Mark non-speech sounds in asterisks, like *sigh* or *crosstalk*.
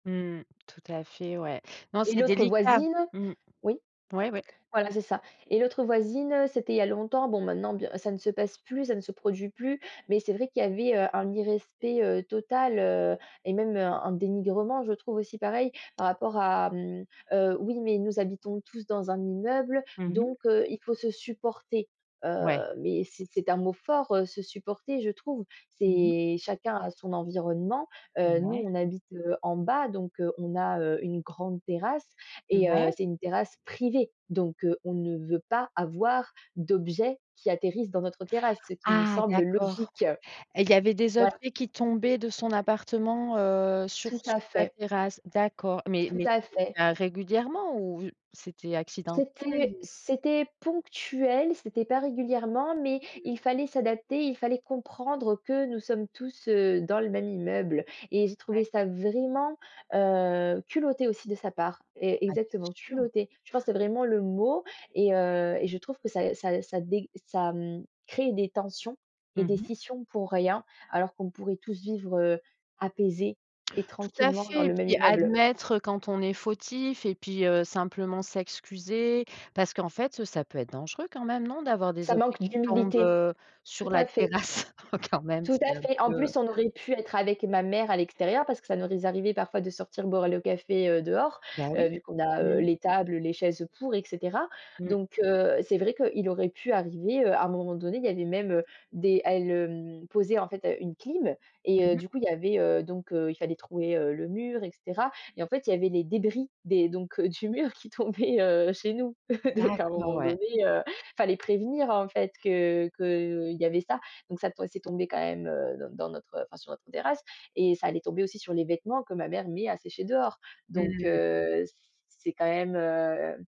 Mmh mh. Tout à fait, ouais. Non, Et c'est l'autre délicat. voisine Mmh. oui, Ouais, ouais. voilà, c'est ça et l'autre voisine, c'était il y a longtemps. Bon, maintenant, bien ça ne se passe plus, ça ne se produit plus mais c'est vrai qu'il y avait, heu, un irrespect, heu, total, heu et même, heu, un dénigrement, je trouve aussi pareil par rapport à, mmh, heu, «Oui, mais nous habitons tous dans un immeuble, Mmh mh. donc heu, il faut se supporter», Ouais. heu, mais c'est c'est un mot fort, heu, se supporter, je trouve, Mmh mh. c'est chacun a son environnement, heu, nous, Ouais. on habite, heu, en bas, donc heu, on a, heu, une grande terrasse Mmh, et heu, ouais? c'est une terrasse privée, donc on ne veut pas avoir d'objets qui atterrissent dans notre terrasse, ce qui nous Ah! semble D'accord logique. et il y avait des Voilà. objets qui tombaient de son appartement, heu, sur Tout à sur ta fait. terrasse, d'accord mais Tout mais tout à fait. était régulièrement ou c'était accidentel C'était ou? c'était ponctuel, c'était pas régulièrement mais Mmh. il fallait s'adapter, il fallait comprendre que nous sommes tous, heu, dans le même immeuble et j'ai trouvé Ouais. ça vraiment, heu, culotté aussi de sa part, è Ah, exactement, c'est sur. culotté. Je pense que vraiment le mot et et heu et je trouve que ça ça ça dég ça, mmh, crée des tensions Mmh et des mh. scissions pour rien alors qu'on pourrait tous vivre, heu, apaisés et Tout à tranquillement dans fait et le même puis immeuble. admettre, heu, quand on est fautif et puis, heu, simplement s'excuser, parce qu'en fait, ça peut être dangereux quand même, non, d'avoir des Ça objets manque qui tombent, d'humilité. heu, Tout sur la à fait. terrasse, oh, quand même Tout c'est à un fait. peu, En heu plus, on aurait pu être avec ma mère à l'extérieur parce que ça nous est arrivés parfois de sortir boire le café, heu, dehors, Bah, heu, oui. vu qu'on a, heu, Mmh. les tables, les chaises pour et cetera, Mmh. donc heu, c'est vrai qu'il aurait pu arriver, heu, à un moment donné, il y avait même, heu, des elle, hem, posait, en fait, heu, une clim et heu, Mmh mh. du coup il y avait, heu, donc heu, il fallait trouver, heu, le mur et cetera et en fait, il y avait les débris des donc du mur qui tombaient, heu, chez nous, *chuckles* donc à un D'accord, moment ouais. donné, heu, il fallait prévenir, en fait, que qu'il y avait ça, donc ça to c'est tombé quand même, heu, dans dans notre enfin, sur notre terrasse et ça allait tomber aussi sur les vêtements que ma mère met à sécher dehors, Mmh donc mh, mmh. heu, c'est quand même, heu